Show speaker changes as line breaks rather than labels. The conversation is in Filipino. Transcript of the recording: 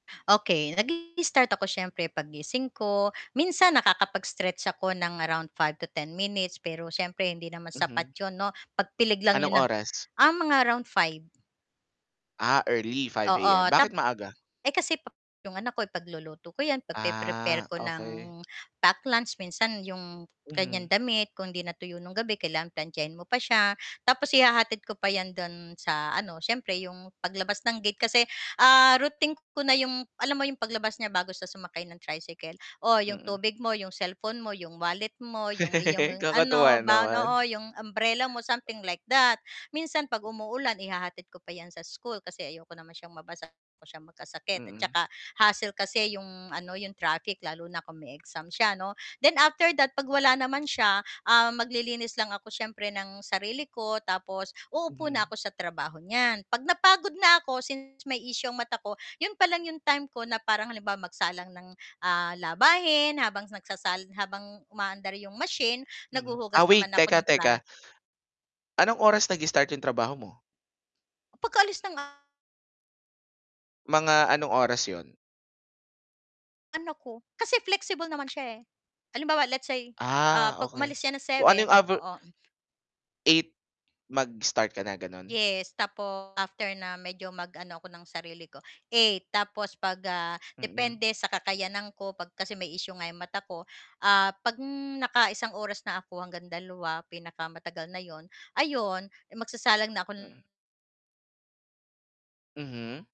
Okey, nag-i-start ako siyempre paggising ko, minsan nakakapag-stretch ako ng around 5 to 10 minutes, pero siyempre hindi naman
Mhm.
sapat yun 'no, pagpilig lang
Anong
yun na
oras?
ah, mga around 5.
Ah early, 5:00 AM,
Oo,
bakit
tap
maaga?
eh, kasi pa 'yong anak ko ipagluluto ko 'yan, pagpre-prepare
Ah,
ko ng
okey.
pack lunch minsan 'yong kanyang
Mhm.
damit kung 'di natuyo ng gabi kailangan plantsahin mo pa siya. Tapos ihahatid ko pa 'yan do'n sa ano, siyempre 'yong paglabas ng gate kasi, ah, routine ko na 'yong alam mo 'yong paglabas niya bago siya sumakay ng tricycle, o 'yong
Mm.
tubig mo, 'yong cellphone mo, 'yong wallet mo, 'yong iyong ano,
Kakatuwa
baon,
naman.
oo, 'yong umbrella mo, something like that. Minsan 'pag umuulan ihahatid ko pa 'yan sa school kasi ayoko naman siyang mabasa, ayaw ko siyang magkasakit at
Mm.
saka hassle kasi 'yong ano 'yong traffic lalo na kung may exam siya 'no. Then after that, 'pag wala naman siya, ah, maglilinis lang ako siyempre ng sarili ko tapos uupo na
Mhm.
ako sa trabaho niyan, 'pag napagod na ako since may issue ang mata ko, 'yon pa lang 'yong time ko na parang halimbawa magsalang ng, ah, labahin habang nagsasal habang umaandar 'yong machine
Mhm.
naghuhugas
Ah, wait,
naman ako
teka,
ng plat
teka. Anong oras nag-i-start yung trabaho mo?
Pagkaalis ng ah
Mga anong oras yun?
anak ko, kasi flexible naman siya eh. Halimbawa let's say, ah,
Ah
'pag
okey,
umalis siya ng
so ano
7,
yung aver
oo, hmm.
8, mag-start ka na, ganon?
Yes, tapos after na medyo mag-ano ako ng sarili ko, 8, tapos 'pag, ah,
Mm.
depende sa kakayanan ko, 'pag kasi may issue nga 'yong mata ko, ah, 'pag nakaisang oras na ako hanggang dalawa pinakamatagal na 'yon, ayun magsasalang na ako
Mm.
ng
Mhm.